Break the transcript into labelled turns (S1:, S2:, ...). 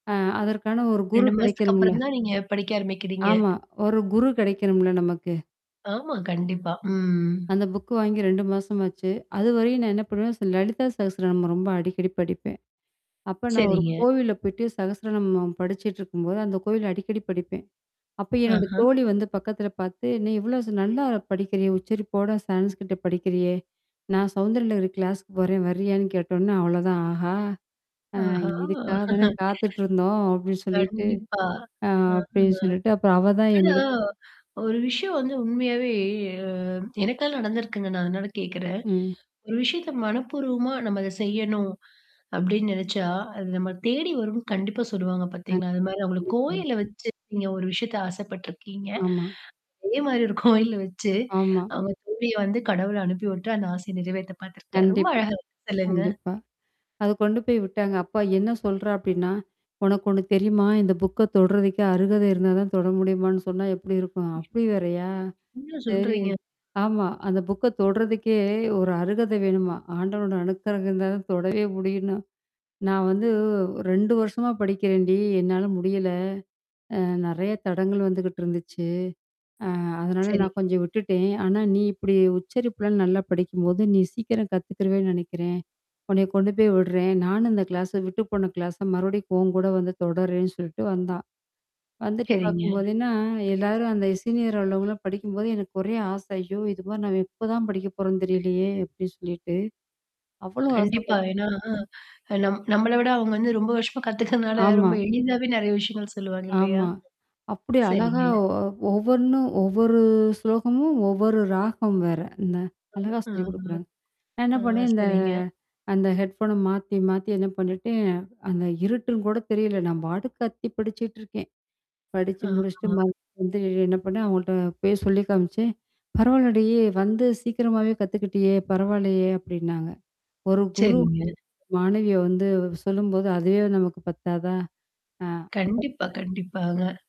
S1: ஆ அதற்கான ஒரு குரு
S2: 2 மாசத்துக்கு
S1: கெடைக்கணும்ல!
S2: அப்புறம் தான நீங்க படிக்க ஆரம்பிக்கிறீங்க!
S1: ஆமா. ஒரு குரு கெடைக்கணும்ல! நமக்கு.
S2: ஆமா, கண்டிப்பா. ம்.
S1: அந்த புக்கு வாங்கி 2 மாசம் ஆச்சு. அதுவரையும் நான் என்னா பண்ணுவேன் ஸ லலிதா சகஸ்வர நாமம் ரொம்ப அடிக்கடி படிப்பேன். அப்ப நான் ஒரு
S2: சரிங்க.
S1: கோவில்ல போய்ட்டு, சகஸ்சர நாமம் படிச்சுட்டு இருக்கும்போது அந்த கோயில்ல அடிக்கடி படிப்பேன். அப்ப என்னோட
S2: ஆஹா!
S1: தோழி வந்து பக்கத்தில பாத்து, நீ இவ்ளோ ஸ் நல்லா படிக்கிறியே உச்சரிப்போட சான்ஸ்கிரீட்ட படிக்கிறியே? நான் சௌந்தரலகரி கிளாஸ்க்கு போறேன்! வர்றியான்னு? கேட்டோன்னே அவ்ளோதான், "ஆஹா! அ
S2: ஆஹா!
S1: இதுக்காக தானே காத்துட்டு இருந்தோம்!" அப்டின்னு சொல்லிட்டு
S2: கண்டிப்பா.
S1: ஆ
S2: ஆமா.
S1: அப்டின்னு சொல்லிட்டு, அப்பறம் அவ தான்
S2: ஆனா
S1: என்னடக்
S2: ஒரு விஷயம் வந்து உண்மையாவே அ எனக்கே நடந்திருக்குங்க நான் அதனால கேட்கறேன்.
S1: ம்.
S2: ஒரு விஷயத்த மனப்பூர்வமா நம்ம அத செய்யணும். அப்டின்னு நெனச்சா, அது நம்மள தேடி வரும்னு கண்டிப்பா சொல்லுவாங்க
S1: அ
S2: பாத்தீங்களா? அது மாரி அவுங்களுக்கு
S1: கண்டிப்பாங்க.
S2: கோயில்ல வச்சு, நீங்க ஒரு விஷயத்த ஆசைப்பட்டுருக்கீங்க.
S1: ஆமா.
S2: அதே மாதரி ஒரு கோயில்ல வச்சு,
S1: ஆமா.
S2: அவுங்க தோழிய வந்து கடவுள் அனுப்பி உட்டு அந்த ஆசைய நிறைவேத்த பாத்துருக்கார். ரொம்ப
S1: கண்டிப்பா,
S2: அழகா சொல்லுங்க.
S1: கண்டிப்பா. அத கொண்டு போய் விட்டாங்க. அப்ப என்னா சொல்றா அப்டின்னா? உனக்கு ஒண்ணு தெரியுமா? இந்த புக்க தொடறதுக்கே அருகதை இருந்தா தான் தொட முடியுமான்னு சொன்னா எப்படி இருக்கும்?
S2: ம்.
S1: அப்டி வேறையா?
S2: என்னா
S1: சரி
S2: சொல்றீங்க?
S1: ஆமா. அந்த புக்க தொடுறதுக்கே ஒரு அருகதை வேணுமாம்! ஆண்டவனோட அணுக்கறகம் இருந்தா தான் தொடவே முடியும்ன்னு "நான் வந்து, ஒ 2 வருஷமா படிக்கிறேன் டி என்னால முடியல! அ நெறையா தடங்கள் வந்துகிட்டு இருந்துச்சு. அ அதனால நான்
S2: சரிங்க.
S1: கொஞ்சம் விட்டுட்டேன். ஆனா நீ இப்படி உச்சரிப்புலாம் நல்லா படிக்கும்போது, நீ சீக்கிரம் கத்துக்கிறவேன்னு நெனைக்கிறேன். உன்னைய கொண்டு போய் விடுறேன்" நானும் இந்த கிளாஸ விட்டு போன கிளாஸ மறுபடியும் உன் கூட வந்து தொடர்றேன்னு சொல்லிட்டு வந்தா. வந்துட்டு
S2: சரிங்க.
S1: பாக்கும்போதுே என்னா, எல்லாரும் அந்த சீனியர் அளவுல படிக்கும்போது எனக்கு ஒரே ஆசை, "ஐயோ! இது மாதிரி நாம எப்ப தான் படிக்க போறோம்ன்னு தெரியலையே!" அப்டி சொல்லிட்டு. அவ்ளோ
S2: கண்டிப்பா.
S1: ஆசைப்பட்டேன்.
S2: ஏன்னா, அ நம் நம்மள விட அவுங்க வந்து ரொம்ப வருஷமா கத்துக்கிறதுனால
S1: ஆமா.
S2: ரொம்ப எளிதாவே நெறையா விஷயங்கள் சொல்லுவாங்க இல்லையா?
S1: ஆமா. அப்டி அழகா
S2: சரிங்க.
S1: ஒ ஒவ்வொண்ணும், ஒவ்வொரு ஸ்லோகமும், ஒவ்வொரு ராகம் வேற! இந்த அழகா
S2: ஆ
S1: சொல்லி குடுக்குறாங்க. நான்
S2: ஆ,
S1: என்னா
S2: ஆ.
S1: பண்ணேன்! இந்த
S2: சரிங்க.
S1: அந்த ஹெட்ஃபோன மாத்தி, மாத்தி என்னா பண்ணீட்டேன அந்த இருட்டுன்னு கூட தெரியல! நான் பாட்டுக்கு கத்தி படிச்சுட்டுருக்கேன். படிச்சு
S2: ஆ
S1: முடிச்சுட்டு
S2: ஆ.
S1: மறுபடி வந்து என்னா பண்ணேன்! அவுங்கள்ட்ட போய் சொல்லி காமிச்சேன். "பரவால்லடி வந்து சீக்கிரமாவே கத்துக்கிட்டியே! பரவால்லையே!" அப்டின்னாங்க. ஒரு குரு
S2: சரிங்க.
S1: மாணவிய வந்து சொல்லும்போது, அதுவே நமக்கு பத்தாததா? ஆ அப்ப
S2: கண்டிப்பா
S1: [unintelligible]
S2: கண்டிப்பாங்க.